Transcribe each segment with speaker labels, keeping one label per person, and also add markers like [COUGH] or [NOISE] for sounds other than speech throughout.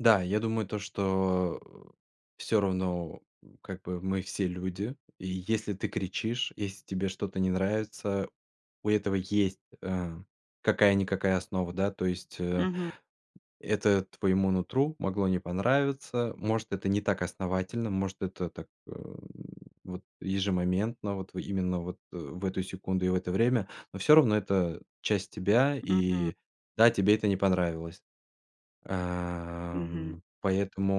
Speaker 1: Да. Я думаю то, что, э, всё равно, м, как бы, мы все люди. И если ты кричишь, еси тебе что-то не нравится, у этого есть, а, какая-никакая основа, да, то есть, э.
Speaker 2: Мгм.
Speaker 1: Это твоему нутру могло не понравиться. Может, это не так основательно, может, это так, э, вот ежемоментно, вот, в именно вот, э, в эту секунду и в это время, но всё равно это часть тебя.
Speaker 2: Мгм.
Speaker 1: И да, тебе это не понравилось.
Speaker 2: Мгм.
Speaker 1: Ам,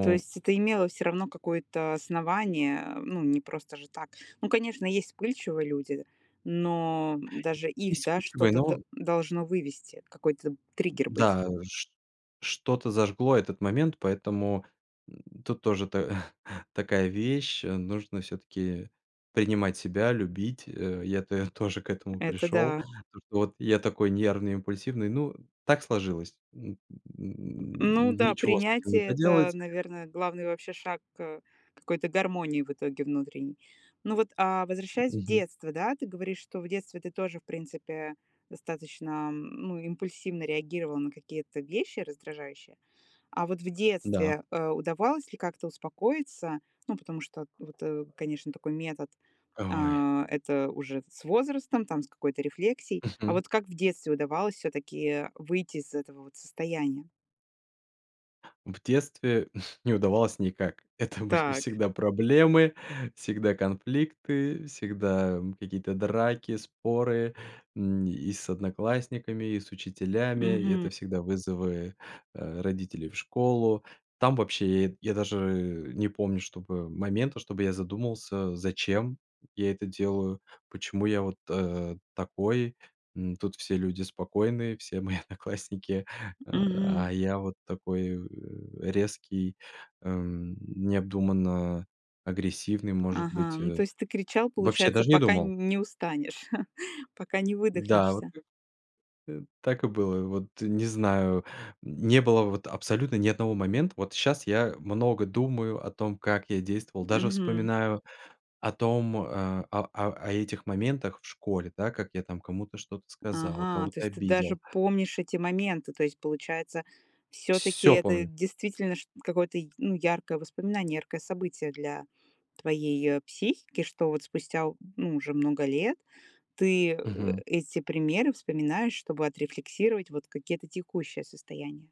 Speaker 2: То есть это имело всё равно какое-то основание, э, ну, не просто же так. Ну, конечно, есть вспыльчивые люди, но, м,
Speaker 1: И
Speaker 2: даже их,
Speaker 1: есть
Speaker 2: да,
Speaker 1: путь
Speaker 2: что-то д
Speaker 1: двойного
Speaker 2: должно вывести, какой-то триггер быть.
Speaker 1: Н-да, вот ш что-то зажгло этот момент, поэтому н тут тоже та [CHUCKLES] такая вещь, нужно всё-таки принимать себя, любить, э. Я тэ тоже к этому
Speaker 2: Это
Speaker 1: пришёл,
Speaker 2: да.
Speaker 1: то, что вот я такой нервный, импульсивный. Ну, так сложилось, н н
Speaker 2: Ну
Speaker 1: н
Speaker 2: да,
Speaker 1: ничего с этим не
Speaker 2: принятие- это,
Speaker 1: поделать.
Speaker 2: наверное, главный вообще шаг к какой-то гармонии в итоге внутренней. Ну вот, а,
Speaker 1: М,
Speaker 2: возвращаясь в
Speaker 1: мгм.
Speaker 2: детство, да, ты говоришь, что в детстве ты тоже, в принципе, достаточно, м, ну, импульсивно реагировал на какие-то вещи раздражающие. А вот в
Speaker 1: Да.
Speaker 2: детстве, э, удавалось ли как-то успокоиться? Ну, потому что от вот, э, конечно, такой метод,
Speaker 1: А, ой.
Speaker 2: а, это уже с возрастом, там, с какой-то рефлексией. А
Speaker 1: Мгм.
Speaker 2: вот как в детстве удавалось всё-таки выйти из этого вот состояния?
Speaker 1: В детстве [CHUCKLES] не удавалось никак.
Speaker 2: М,
Speaker 1: Это были
Speaker 2: так.
Speaker 1: всегда проблемы, всегда конфликты, всегда, м, какие-то драки, споры. М, и с одноклассниками, и с учителями. И
Speaker 2: Мгм.
Speaker 1: это всегда вызовы, э, родителей в школу. Там вообще, и я даже, э, не помню, чтобы момента, чтобы я задумался, зачем я это делаю, почему я вот, э, такой, м, тут все люди спокойные, все мои одноклассники, э,
Speaker 2: Мгм.
Speaker 1: а я такой, э, резкий, эм, необдуманно агрессивный, может
Speaker 2: Ага,
Speaker 1: быть,
Speaker 2: ну то
Speaker 1: э.
Speaker 2: есть ты кричал,
Speaker 1: Вообще
Speaker 2: получается,
Speaker 1: даже не
Speaker 2: пока
Speaker 1: думал.
Speaker 2: н не устанешь, [CHUCKLES] пока не
Speaker 1: Да, вот
Speaker 2: выдохнешься?
Speaker 1: и так и было, вот не знаю, м, не было вот абсолютно ни одного момента. Вот щас я много думаю о том, как я действовал, даже
Speaker 2: Мгм.
Speaker 1: вспоминаю о том, а а а а этих моментах в школе, да, как я там кому-то что-то сказал,
Speaker 2: Ага, то
Speaker 1: кого-то
Speaker 2: есть ты даже
Speaker 1: обидел.
Speaker 2: помнишь эти моменты. То есть, получается, всё-таки
Speaker 1: Всё
Speaker 2: это
Speaker 1: помню.
Speaker 2: действительно шт какое-то, ну, яркое воспоминание, яркое событие для твоей, э, психики, что вот спустя, ну, уже много лет ты, э,
Speaker 1: Мгм.
Speaker 2: эти примеры вспоминаешь, чтобы отрефлексировать вот какие-то текущие состояния.